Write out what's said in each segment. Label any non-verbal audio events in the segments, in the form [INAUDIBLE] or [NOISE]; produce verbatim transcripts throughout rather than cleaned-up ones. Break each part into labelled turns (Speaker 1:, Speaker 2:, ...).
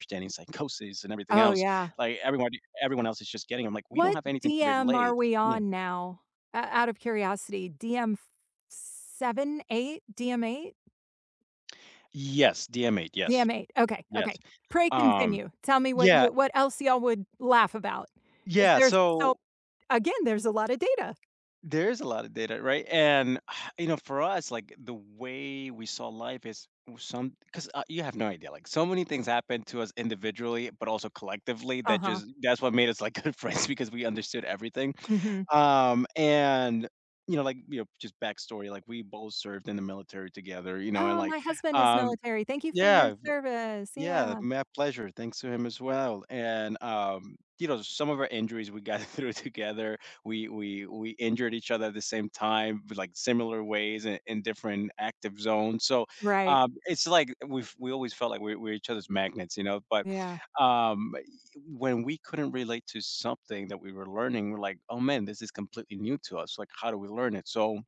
Speaker 1: Understanding psychosis and everything
Speaker 2: Oh,
Speaker 1: else,
Speaker 2: yeah.
Speaker 1: like, everybody everyone else is just getting 'em, like, we don't
Speaker 2: What
Speaker 1: have anything to
Speaker 2: DM are
Speaker 1: relate
Speaker 2: we
Speaker 1: Yeah.
Speaker 2: on now? Uh, out of curiosity, DM f seven, eight? DM8?
Speaker 1: Yes, DM8, yes.
Speaker 2: DM8. Okay,
Speaker 1: Yes,
Speaker 2: okay. Pray
Speaker 1: um
Speaker 2: continue, tell me what
Speaker 1: Yeah
Speaker 2: you what else y'all would laugh about, 'cause
Speaker 1: Yeah,
Speaker 2: there's so
Speaker 1: so
Speaker 2: again, there's a lotta data.
Speaker 1: There is a lotta data, right, and, [SIGHS] you know, for us, like, the way we saw life is was some 'cause, uh, you have no idea, like, so many things happened to us individually, but also collectively that
Speaker 2: Uh-huh.
Speaker 1: just that's what made us, like, good friends because we understood everything,
Speaker 2: Mhm.
Speaker 1: um, and you know, like, you know, just backstory, like, we both served in the military together, you know, and
Speaker 2: Oh,
Speaker 1: like,
Speaker 2: my husband is
Speaker 1: um
Speaker 2: military. Thank you for your
Speaker 1: Yeah, v
Speaker 2: service,
Speaker 1: Yeah,
Speaker 2: yeah.
Speaker 1: my pleasure. Thanks to him as well, and, um, you know, some of our injuries, we got through it together, we we we injured each other at the same time, v like, similar ways i in different active zones, so,
Speaker 2: Right.
Speaker 1: um, it's like, we've we always felt like we we're each other's magnets, you know, but,
Speaker 2: Yeah.
Speaker 1: um, ye when we couldn't relate to something that we were learning, we're like, "Oh man, this is completely new to us, like, how do we learn it?" So,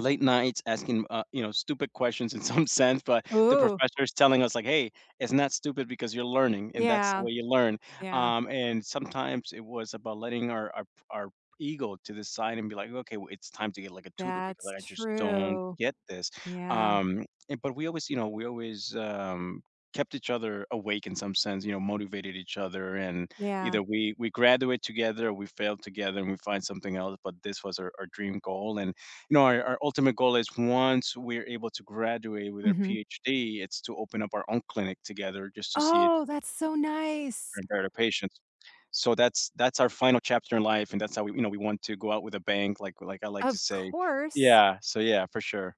Speaker 1: late nights asking, uh, you know, stupid questions in some sense, but the
Speaker 2: Ooh.
Speaker 1: professor's telling us like, "Hey, it's not stupid because you're learning and that's the
Speaker 2: Yeah.
Speaker 1: way you learn,"
Speaker 2: Yeah.
Speaker 1: um, and sometimes it was about letting our our p our ego to the side and be like, "Okay, w it's time to get, like, a tutor because
Speaker 2: That's
Speaker 1: I just don't
Speaker 2: true.
Speaker 1: get this,"
Speaker 2: Yeah.
Speaker 1: um, and but we always you know, we always, um, kept each other awake in some sense, you know, motivated each other, and
Speaker 2: Yeah.
Speaker 1: either we we graduate together, or we fail together, and we find something else, but this was our our dream goal, and you know, our our ultimate goal is once we're able to graduate with our
Speaker 2: Mhm.
Speaker 1: PhD, it's to open up our own clinic together just to see it
Speaker 2: Oh, that's so nice.
Speaker 1: prepare the patients. So, that's that's our final chapter in life, and that's how we you know, we want to go out with a bang, like like I like to
Speaker 2: Of
Speaker 1: say.
Speaker 2: course.
Speaker 1: Yeah, so, yeah, for sure.